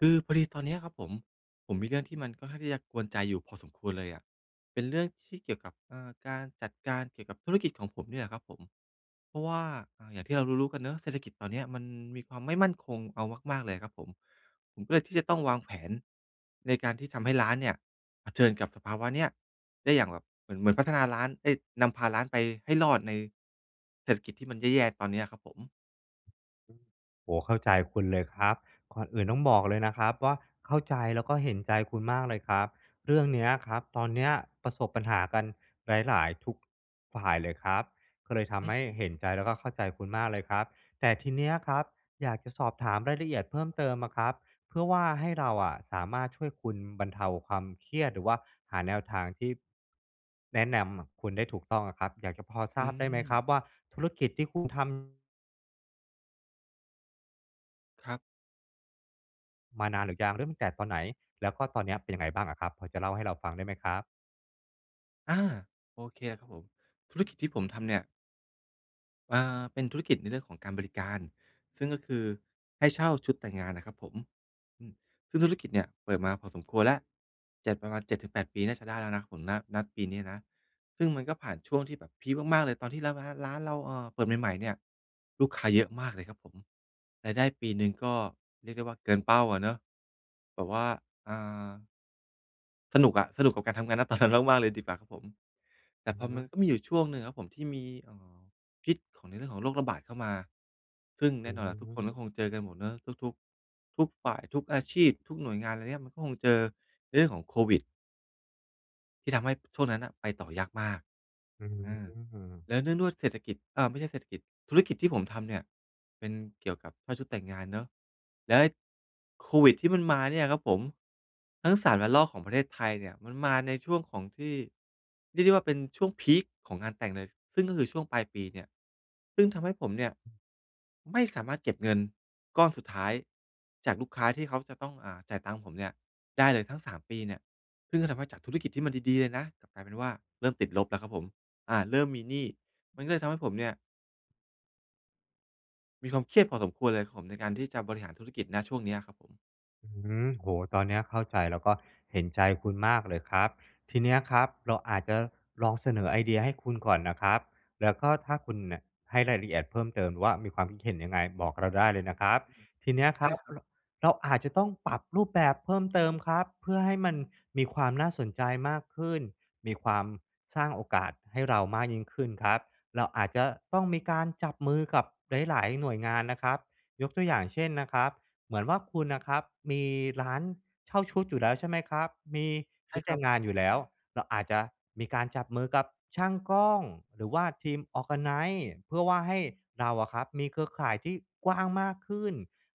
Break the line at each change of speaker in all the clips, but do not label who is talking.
คือพอดีตอนนี้อะครับผม ผมมีเรื่องที่มันค่อนข้างที่จะกวนใจอยู่พอสมควรเลยอะ เป็นเรื่องที่เกี่ยวกับ อ่า การจัดการเกี่ยวกับธุรกิจของผมนี่แหละครับผม เพราะว่า อ่า อย่างที่เรารู้ ๆ กันเนาะ เศรษฐกิจตอนนี้อะมันมีความไม่มั่นคงเอามาก ๆ เลยอะครับผม ผมก็เลยที่จะต้องวางแผนในการที่ทำให้ร้านเนี่ย เผชิญกับสภาวะเนี้ยได้อย่างแบบเหมือน เหมือนพัฒนาร้าน เอ๊ย นำพาร้านไปให้รอดในเศรษฐกิจที่มันแย่ ๆ ตอนนี้อะครับผม
โอ้โฮ! เข้าใจคุณเลยครับ ก่อนอื่นต้องบอกเลยนะครับว่า เข้าใจแล้วก็เห็นใจคุณมากเลยครับ เรื่องนี้อะครับ ตอนนี้อะประสบปัญหากันหลาย ๆ ทุก ฝ่ายเลยครับ ก็เลยท
อื
ำให
อ
้
อื
เห็น
ม ๆ
ใจแล้วก็เข้าใจคุณมากเลยครับ แต่ทีนี้อะครับ อยากจะสอบถามรายละเอียดเพิ่มเติมอะครับ เพื่อว่าให้เราอะสามารถช่วยคุณบรรเทาความเครียด หรือว่าหาแนวทางที่ แนะนำ ม คุณได้ถูกต้องอะครับ อยากจะพอท
อ
ร
ื
าบได้ไหมคร
ม
ับว่า ธุรกิจที่คุณทำ
ครับ
มานานหรือยัง เริ่มตั้งแต่ตอนไหน? แล้วก็ตอนนี้อะเป็นยังไงบ้างอะครับ? พอจะเล่าให้เราฟังได้ไหมครับ?
อา โอเคครับผม ธุรกิจที่ผมทำเนี่ย อ่า เป็นธุรกิจในเรื่องของการบริการ ซึ่งก็คือให้เช่าชุดแต่งงานน่ะครับผม อืม ซึ่งธุรกิจเนี่ยเปิดมาพอสมควรแล้ว 7 ประมาณ 7-8 ปีน่าจะได้แล้วนะครับผม ณ ณ ปีนี้นะ ซึ่งมันก็ผ่านช่วงที่แบบพีกมาก ๆ เลย ตอนที่แล้วร้าน ร้านเรา เออ เปิดใหม่ ๆ เนี่ย ลูกค้าเยอะมากเลยครับผม รายได้ปีหนึ่งก็เรียกได้ว่าเกินเป้าอะเนาะ แบบว่า อ่า สนุกอะ สนุก กับการทำงาน ณ ตอน นั้น มาก ๆ เลยดีกว่าครับผม แต
อ
่
ือ
พ
ฮ
อมัน
ึ
ก็มีอยู่ช่วงหนึ่งอะครับผมที่มี อ่า พิษของในเรื่องของโรคระบาดเข้ามา ซึ่ง
อ
แ
ื
น่นอนแหละทุกคนก็
ม
คงเจอกันหมดเนาะ ทุก ทุก ทุกฝ่าย ทุกอาชีพ ทุกหน่วยงาน อะไรเงี้ย มันก็คงเจอในเรื่องของโควิด ที่ทำให้ช่วงนั้นน่ะไปต่อยากมาก
อื
อา
ม
แล้วเนื่องด้วยเศรษฐกิจ อา ไม่ใช่เศรษฐกิจ ธุรกิจที่ผมทำเนี่ยเป็นเกี่ยวกับเช่าชุดแต่งงานเนาะ แล้วไอ้ โควิดที่มันมาเนี่ยครับผม ทั้ง 3 ระลอกของประเทศไทยเนี่ย มันมาในช่วงของที่เรียกได้ว่า เป็นช่วงพีกของงานแต่งเลย ซึ่งก็คือช่วงปลายปีเนี่ย ซึ่งทำให้ผมเนี่ยไม่สามารถเก็บเงินก้อนสุดท้ายจากลูกค้าที่เขาจะต้อง อ่า จ่ายตังค์ผมเนี่ย ได้เลยทั้ง 3 ปีเนี่ย ซึ่งก็ทำให้จากธุรกิจที่มันดี ๆ เลยนะ กลับกลายเป็นว่าเริ่มติดลบแล้วครับผม อ่า เริ่มมีหนี้ มันก็เลยทำให้ผมเนี่ย มีความเครียดพอสมควรเลยครับผม ในการที่จะบริหารธุรกิจ ณ ช่วงเนี้ยครับผม
หือ โอ้โฮ ตอนเนี้ยเข้าใจ แล้วก็เห็นใจคุณมากเลยครับ ทีเนี้ยครับเราอาจจะลองเสนอไอเดียให้คุณก่อนนะครับ แล้วก็ถ้าคุณน่ะให้รายละเอียดเพิ่มเติม หรือว่ามีความคิดเห็นยังไง? บอกเราได้เลยนะครับ ทีเนี้ยค
ได
ร
้
ับ
ครับ
เรา เราอาจจะต้องปรับรูปแบบเพิ่มเติมครับ เพื่อให้มันมีความน่าสนใจมากขึ้น มีความ สร้างโอกาสให้เรามากยิ่งขึ้นครับ เราอาจจะต้องมีการจับมือกับหลาย ๆ หน่วยงานนะครับ ยกตัวอย่างเช่นนะครับ เหมือนว่าคุณน่ะครับมีร้านเช่าชุดอยู่แล้ว ใช่ไหมครับ มี
ใ
ช
ช
ุ
่
ดแ
ค
ต
ร
่
ั
ง
บ
งานอยู่แล้ว เราอาจจะมีการจับมือกับช่างกล้อง หรือว่าทีม Organize เพื่อว่าให้เราอะครับมีเครือข่ายที่กว้างมากขึ้น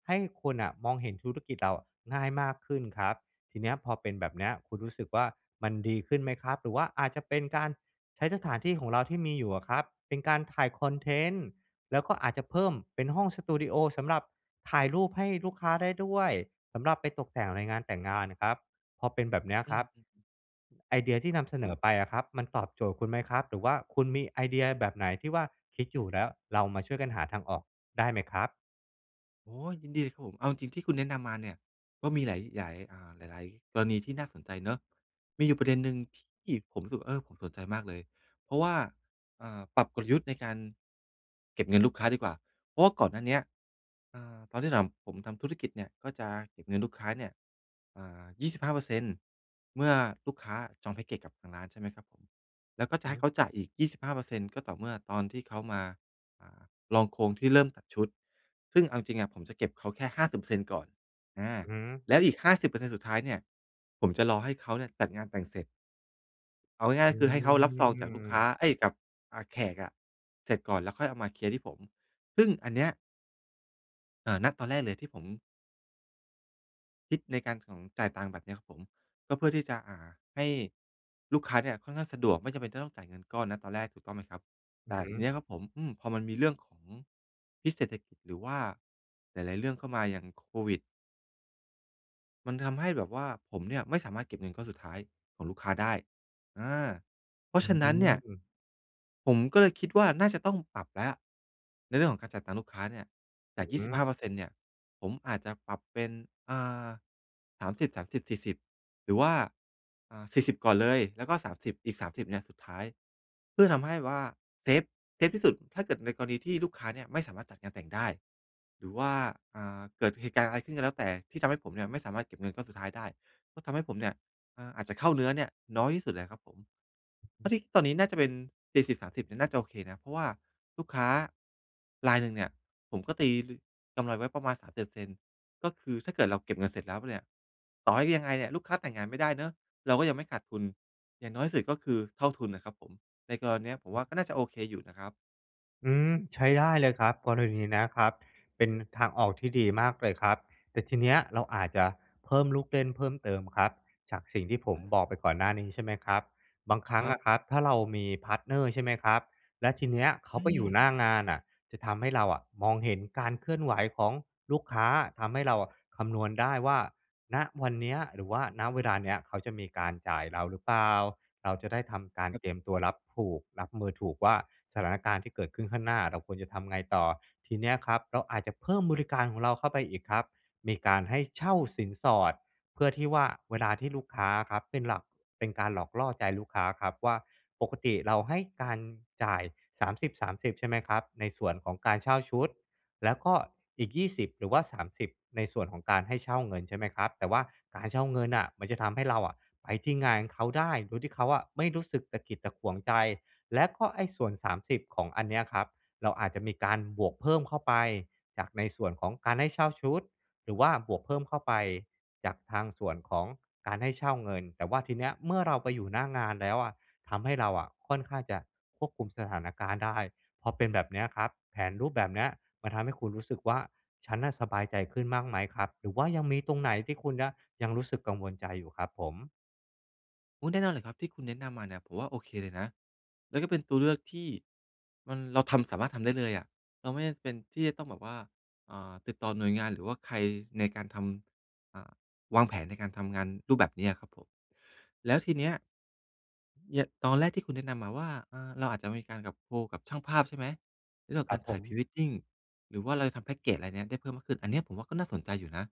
ให้คนน่ะมองเห็นธุรกิจเราอะง่ายมากขึ้นครับ ทีเนี้ยพอเป็นแบบเนี้ย คุณรู้สึกว่า มันดีขึ้นไหมครับ? หรือว่าอาจจะเป็นการใช้สถานที่ของเราที่มีอยู่อะครับ เป็นการถ่ายคอนเทนต์ แล้วก็อาจจะเพิ่มเป็นห้องสตูดีโอ สำหรับถ่ายรูปให้ลูกค้าได้ด้วย สำหรับไปตกแต่งในงานแต่งงานน่ะครับ พอเป็นแบบเนี้ย
อื
ครับ
ม
ไอเดียที่นำเสน
อุ๊ย!
อไปอะครับ มันตอบโจทย์คุณไหมครับ? หรือว่าคุณมีไอเดียแบบไหนที่ว่าคิดอยู่แล้ว เรามาช่วยกันหาทางออกได้ไหมครับ?
โอ้โฮ! ยินดีเลยครับผม เอาจริง ๆ ที่คุณแนะนำมาเนี่ย ก็มีหลาย หยาย อ่า หลาย ๆ กรณีที่น่าสนใจเนาะ มีอยู่ประเด็นหนึ่งที่ผมรู้สึกว่า เออ ผมสนใจมากเลย เพราะว่า อ่า ปรับกลยุทธ์ในการ เก็บเงินลูกค้าดีกว่า เพราะว่าก่อนหน้าเนี้ย อ่า ตอนที่ทำ ผมทำธุรกิจเนี่ยก็จะเก็บเงินลูกค้าเนี่ย อ่า 25% เมื่อลูกค้าอะจองแพ็กเกจกับทางร้าน ใช่ไหมครับผม แล้วก็จะให้
หือ
เขาจ่ายอีก 25% ก็ต่อเมื่อตอนที่เขามา อ่า ลองโครงที่เริ่มตัดชุด ซึ่งเอาจริง ๆ อะ ผมจะเก็บเขาแค่ 50% ก่อน อา
อือฮึ
แล้วอีก 50% สุดท้ายเนี่ย ผมจะรอให้เขาเนี่ยจัดงานแต่งเสร็จ เอาง่
อ
า
ื
ย ๆ คือให้เขารับซองจากลูกค้า
ม
เอ๊ย กับ อ่า แขกอะเสร็จก่อน แล้วค่อยเอามาเคลียร์ที่ผม ซึ่งอันเนี้ย เอ่อ ณ ตอนแรกเลยที่ผม คิดในการของ จ่ายตังค์แบบเนี้ยครับผม ก็เพื่อที่จะ อ่า ให้ลูกค้าเนี่ยค่อนข้างสะดวก ไม่จำเป็นจะต้องจ่ายเงินก้อน ณ ตอนแรก ถูกต้องไหมครับ?
อื
แต
อ
่
ฮึ
ทีเนี้ยครับผม อืม พอมันมีเรื่องของพิษเศรษฐกิจ หรือว่าหลาย ๆ เรื่องเข้ามา อย่างโควิด มันทำให้แบบว่า ผมเนี่ยไม่สามารถเก็บเงินก้อนสุดท้ายของลูกค้าได้ อา เพรา
อื
ะฉ
อ
ะ
ฮ
นั้นเนี่ย
ึ
ผมก็เลยคิดว่า น่าจะต้องปรับแล้ว ในเรื่องของการจ่ายตังค์ลูกค้าเนี่ย จ
อื
าก
อ
ย
ฮ
ี่สิบห้
ึ
าเปอร์เซ็นต์ เนี่ย ผมอาจจะปรับเป็น อ่า 30 30 40 หรือว่า อ่า 40 ก่อนเลย แล้วก็ 30 อีก เนี่ยสุดท้าย เพื่อทำให้ว่าเซฟ เซฟที่สุด ถ้าเกิดในกรณีที่ลูกค้าเนี่ยไม่สามารถจัดงานแต่งได้ หรือว่า อ่า เกิดเหตุการณ์อะไรขึ้นก็แล้วแต่ ที่ทำให้ผมเนี่ยไม่สามารถเก็บเงินก็สุดท้ายได้ ก็ทำให้ผมเนี่ย อ่า อาจจะเข้าเนื้อเนี่ยน้อยที่สุดเลยครับผม
อือ
เพร
ฮ
า
ึ
ะที่ ตอนนี้น่าจะเป็น 70 30 เนี่ยน่าจะโอเคนะ เพราะว่าลูกค้า รายหนึ่งเนี่ย ผมก็ตีลือ กำไรไว้ประมาณ 37% ก็คือถ้าเกิดเราเก็บเงินเสร็จแล้วเนี่ย ต่อให้ยังไงเนี่ยลูกค้าแต่งงานไม่ได้เนาะ เราก็ยังไม่ขาดทุน อย่างน้อยที่สุดก็คือเท่าทุนน่ะครับผม ในกรณีเนี้ยผม
อ
ว่
ือ
าก็น่าจะโอเคอยู่นะครับ
อืม ใช้ได้เลยครับ กรณีนี้นะครับ เป็นทางออกที่ดีมากเลยครับ แต่ทีเนี้ยเราอาจจะเพิ่มลูกเล่นเพิ่มเติมครับ จากสิ่งที่ผ
อ
ม
า
บอก
คร
ไป
ับ
ก่อนหน้านี้ ใช่ไหมครับ บางครั้
ค
ง
รั
อ
บ
ะครับถ้าเรามี พาร์ตเนอร์ ใช่ไหมครับ แล้วทีเนี้ยเขา
อื
ไปอยู่
ม
หน้างานน่ะ จะทำให้เราอะมองเห็นการเคลื่อนไหวของลูกค้า ทำให้เราอะคำนวณได้ว่า ณ วันเนี้ย หรือว่า ณ เวลาเนี้ย เขาจะมีการจ่ายเราหรือเปล่า เราจะได้ทำการ
ครับ
เตรียมตัวรับถูก รับมือถูกว่าสถานการณ์ที่เกิดขึ้นข้างหน้าเราควรจะทำไงต่อ ทีเนี้ยครับ เราอาจจะเพิ่มบริการของเราเข้าไปอีกครับ มีการให้เช่าสินสอด เพื่อที่ว่าเวลาที่ลูกค้าอะครับ เป็นหลัก เป็นการหลอกล่อใจลูกค้าอะครับว่า ปกติเราให้การจ่าย 30 30 ใช่ไหมครับ ในส่วนของการเช่าชุด แล้วก็อีก 20 หรือว่า 30 ในส่วนของการให้เช่าเงิน ใช่ไหมครับ แต่ว่าการเช่าเงินอะ มันจะทำให้เราอะไปที่งานเขาได้ โดยที่เขาอะไม่รู้สึกตะขิดตะขวงใจ แล้วก็ไอ้ส่วน 30 ของอันเนี้ยครับ เราอาจจะมีการบวกเพิ่มเข้าไปจากในส่วนของการให้เช่าชุด หรือว่าบวกเพิ่มเข้าไปจากทางส่วนของการให้เช่าเงิน แต่ว่าทีเนี้ยเมื่อเราไปอยู่หน้างานแล้วอะ ทำให้เราอะค่อนข้างจะควบคุมสถานการณ์ได้ พอเป็นแบบเนี้ยครับ แผนรูปแบบเนี้ยมันทำให้คุณรู้สึกว่า "ฉันน่ะสบายใจขึ้น" บ้างไหมครับ? หรือว่ายังมีตรงไหนที่คุณน่ะยังรู้สึกกังวลใจอยู่ครับผม?
โอ้ แน่นอนเลยครับ ที่คุณแนะนำมาเนี่ยผมว่า โอเคเลยนะ แล้วก็เป็นตัวเลือกที่ มัน เราทำ สามารถทำได้เลยอะ เราไม่จำเป็นที่จะต้องแบบว่า อ่า ติดต่อหน่วยงาน หรือว่าใครในการทำ อ่า วางแผนในการทำงานรูปแบบเนี้ยครับผม แล้วทีเนี้ย เนี่ยตอนแรกที่คุณแนะนำมาว่า อา เราอาจจะมีการกับ โคกับช่างภาพใช่ไหม? ในเรื่อ
ค
ง
รั
กา
บ
ร
ผ
ถ่าย
ม
Pre-wedding หรือว่าเราจะทำแพ็กเกจ ไรเนี่ย ได้เพิ่มขึ้น อันเนี้ยผมว่าก็น่าสนใจอยู่นะ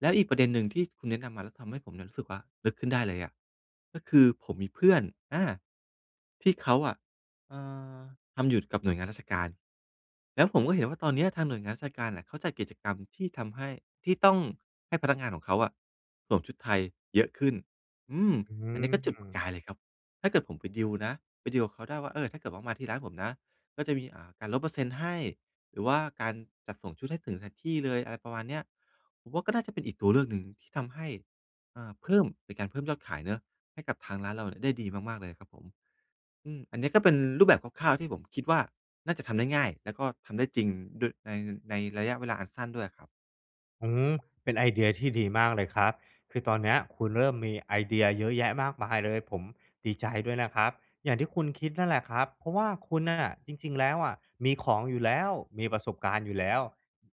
แล้วอีกประเด็นหนึ่งที่คุณแนะนำมา แล้วทำให้ผมเนี่ยรู้สึกว่า นึกขึ้นได้เลยอะ ก็คือผมมีเพื่อน อา ที่เขาอะ เอ่อ ทำหยุดกับหน่วยงานราชการ แล้วผมก็เห็นว่า ตอนเนี้ยทางหน่วยงานราชการน่ะ เขาจัดกิจกรรมที่ทำให้ ที่ต้องให้พนักงานของเขาอะสวมชุดไทยเยอะขึ้น อืม
อื
อันเนี้ยก็จุดประ
ม
กายเลยครับ ถ้าเกิดผมไปดีลนะ ไปดีลกับเขาได้ว่า "เออ ถ้าเกิดว่า มาที่ร้านผมนะก็จะมี อ่า การลดเปอร์เซ็นต์ให้ หรือว่าการจัดส่งชุดให้ถึงสถานที่เลย" อะไรประมาณเนี้ย ผมว่าก็น่าจะเป็นอีกตัวเลือกหนึ่งที่ทำให้ อ่า เพิ่ม เป็นการเพิ่มยอดขายเนาะให้กับทางร้านเราเนี่ยได้ดีมาก ๆ เลยครับผม อืม อันเนี้ยก็เป็นรูปแบบคร่าว ๆ ที่ผมคิดว่า น่าจะทำได้ง่าย แล้วก็ทำได้จริง เดอะ ใน ในระยะเวลาอันสั้นด้วยอะครับ
อือฮึ เป็นไอเดียที่ดีมากเลยครับ คือตอนเนี้ยคุณเริ่มมีไอเดียเยอะแยะมากมายเลย ผมดีใจด้วยนะครับ อย่างที่คุณคิดนั่นแหละครับ เพราะว่าคุณน่ะจริง ๆ แล้วอะ มีของอยู่แล้ว มีประสบการณ์อยู่แล้ว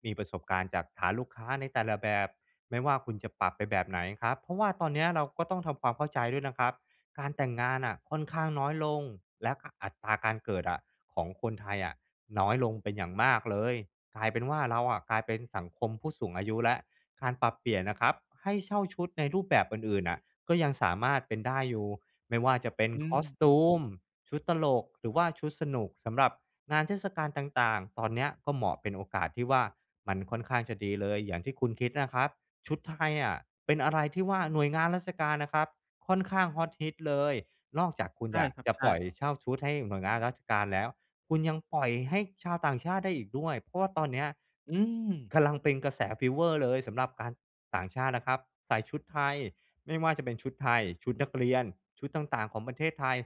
มีประสบการณ์จากฐานลูกค้าในแต่ละแบบ ไม่ว่าคุณจะปรับไปแบบไหนครับ เพราะว่าตอนเนี้ยเราก็ต้องทำความเข้าใจด้วยนะครับ การแต่งงานน่ะค่อนข้างน้อยลง และ ก อัตราการเกิดอะ ของคนไทยอะน้อยลงเป็นอย่างมากเลย กลายเป็นว่า เราอะกลายเป็นสังคมผู้สูงอายุแล้ว การปรับเปลี่ยนนะครับ ให้เช่าชุดในรูปแบบอื่น ๆ น่ะ ก็ยังสามารถเป็นได้อยู่ ไม่ว่าจะเป็น
อืม อือ
costume ชุดตลก หรือว่าชุดสนุกสำหรับงานเทศกาลต่าง ๆ ตอนเนี้ยก็เหมาะเป็นโอกาสที่ว่า มันค่อนข้างจะดีเลยอย่างที่คุณคิดน่ะครับ ชุดไทยอะเป็นอะไรที่ว่าหน่วยงานราชการน่ะครับ ค่อนข้างฮอตฮิตเลย นอกจากคุณ
ใช่ครั
จ
บ
ะ
ใช
ปล่อย
่
เช่าชุดให้หน่วยงานราชการแล้ว คุณยังปล่อยให้ชาวต่างชาติได้อีกด้วย เพราะว่าตอนเนี้ย
อืม
กำลังเป็นกระแสฟีเวอร์เลยสำหรับการ ต่างชาตินะครับใส่ชุดไทย ไม่ว่าจะเป็นชุดไทย ชุดนักเรียน ชุดต่าง ๆ ของประเทศไทย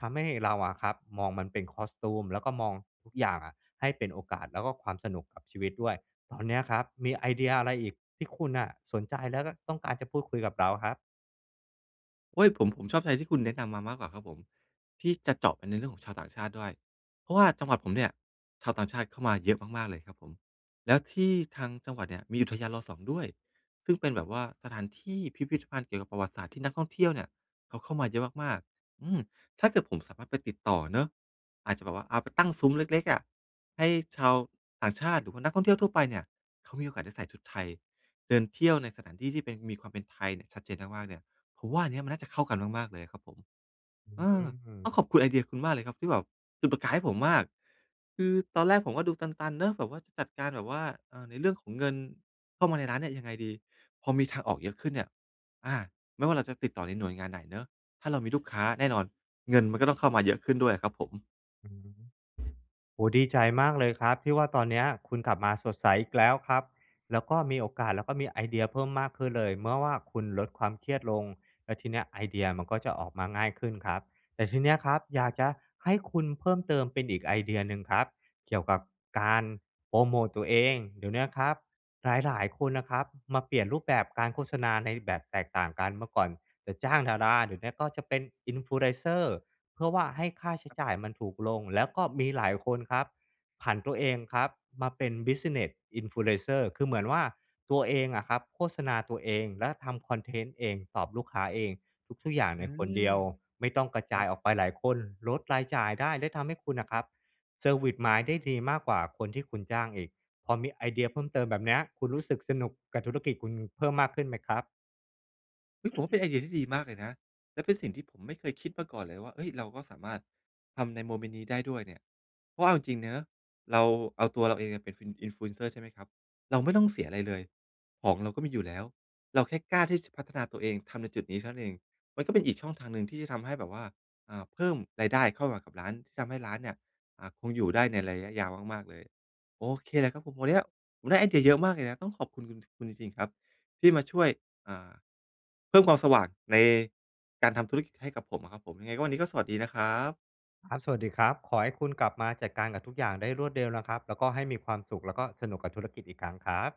ทำให้เราอะครับมองมันเป็น costume แล้วก็มองทุกอย่างอะให้เป็นโอกาส แล้วก็ความสนุกกับชีวิตด้วย ตอนเนี้ยครับมีไอเดียอะไรอีกที่คุณน่ะสนใจ แล้วก็ต้องการจะพูดคุยกับเราครับ?
โอ๊ย! ผม ผมชอบใจที่คุณแนะนำมามากกว่าครับผม ที่จะเจาะไปในเรื่องของชาวต่างชาติด้วย เพราะว่าจังหวัดผมเนี่ยชาวต่างชาติเข้ามาเยอะมาก ๆ เลยครับผม แล้วที่ทางจังหวัดเนี่ยมีอุทยาน ร.2 ด้วย ซึ่งเป็นแบบว่า สถานที่พิพิธภัณฑ์เกี่ยวกับประวัติศาสตร์ที่นักท่องเที่ยวเนี่ย เขาเข้ามาเยอะมาก ๆ อืม ถ้าเกิดผมสามารถไปติดต่อเนาะ อาจจะแบบว่า เอาไปตั้งซุ้มเล็ก ๆ อะ ให้ชาวต่างชาติหรือว่านักท่องเที่ยวทั่วไปเนี่ย เขามีโอกาสได้ใส่ชุดไทยเดินเที่ยวในสถานที่ที่เป็น มีความเป็นไทยเนี่ย ชัดเจนมาก ๆ เนี่ย ผมว่าอันเนี้ยมันน่าจะเข้ากันมาก ๆ เลยอะครับผม
อื
เอ
ม อ
อ
ื้อฮื
ต้อง
อ
ขอบคุณไอเดียคุณมากเลยครับ ที่แบบจุดประกายให้ผมมาก คือตอนแรกผมก็ดูตัน ๆ เนาะ แบบว่าจะจัดการแบบว่า เออ ในเรื่องของเงินเข้ามาในร้านเนี่ยยังไงดี? พอมีทางออกเยอะขึ้นเนี่ย อา ไม่ว่าเราจะติดต่อในหน่วยงานไหนเนาะ ถ้าเรามีลูกค้า แน่นอน เงินมันก็ต้องเข้ามาเยอะขึ้นด้วยครับผม
อืม โอ้โฮ! ดีใจมากเลยครับที่ว่าตอนเนี้ยคุณกลับมาสดใสอีกแล้วครับ แล้วก็มีโอกาส แล้วก็มีไอเดียเพิ่มมากขึ้นเลย เมื่อว่าคุณลดความเครียดลง แล้วทีเนี้ยไอเดียมันก็จะออกมาง่ายขึ้นครับ แต่ทีเนี้ยครับ อยากจะให้คุณเพิ่มเติมเป็นอีกไอเดียหนึ่งครับ เกี่ยวกับการโพรโมตตัวเอง เดี๋ยวเนี้ยครับหลาย ๆ คนนะครับมาเปลี่ยนรูปแบบการโฆษณาในแบบแตกต่างกัน เมื่อก่อนจะจ้างดารา เดี๋ยวนี้ก็จะเป็น Influencer เพื่อว่าให้ค่าใช้จ่ายมันถูกลง แล้วก็มีหลายคนครับ ผันตัวเองครับ มาเป็น Business Influencer คือเหมือนว่าตัวเองอะครับ โฆษณาตัวเอง และทำคอนเทนต์เอง ตอบลูกค้าเอง ทุก ๆ อย่าง
อื
ในคน
ม
เดียวไม่ต้องกระ
ค
จ
ร
า
ั
ย
บ
ออกไปหลายคน ลดรายจ่ายได้ และทำให้คุณน่ะครับ service mind ได้ดีมากกว่าคนที่คุณจ้างอีก พอมีไอเดียเพิ่มเติมแบบเนี้ย คุณรู้สึกสนุกกับธุรกิจคุณเพิ่มมากขึ้นไหมครับ?
ฮึ่ย! ผมว่าเป็นไอเดียที่ดีมากเลยนะ และเป็นสิ่งที่ผมไม่เคยคิดมาก่อนเลยว่า เฮ้ย! เราก็สามารถทำในโมเมนต์นี้ได้ด้วยเนี่ย เพราะว่าเอาจริง ๆ เนี้ย เราเอาตัวเราเองอะเป็น Fin Influencer ใช่ไหมครับ? เราไม่ต้องเสียอะไรเลย ของเราก็มีอยู่แล้ว เราแค่กล้าที่ ช จะพัฒนาตัวเองทำในจุดนี้เท่านั้นเอง มันก็เป็นอีกช่องทางหนึ่งที่จะทำให้แบบว่า อ่า เพิ่มรายได้เข้ามากับร้าน ที่ทำให้ร้านเนี่ย อ่า คงอยู่ได้ในระยะยาวมาก ๆ เลย โอเคเลยครับผม วันเนี้ยผมได้ไอเดียเยอะมากเลยนะ ต้องขอบคุณคุณ คุณจริง ๆ ครับที่มาช่วย อ่า เพิ่มความสว่างในการทำธุรกิจให้กับผมอะครับผม ยังไงก็วันนี้ก็สวัสดีนะครับ
ครับ สวัสดีครับ ขอให้คุณกลับมาจัดการกับทุกอย่างได้รวดเร็วนะครับ แล้วก็ให้มีความสุข แล้วก็สนุกกับธุรกิจอีกครั้งครับ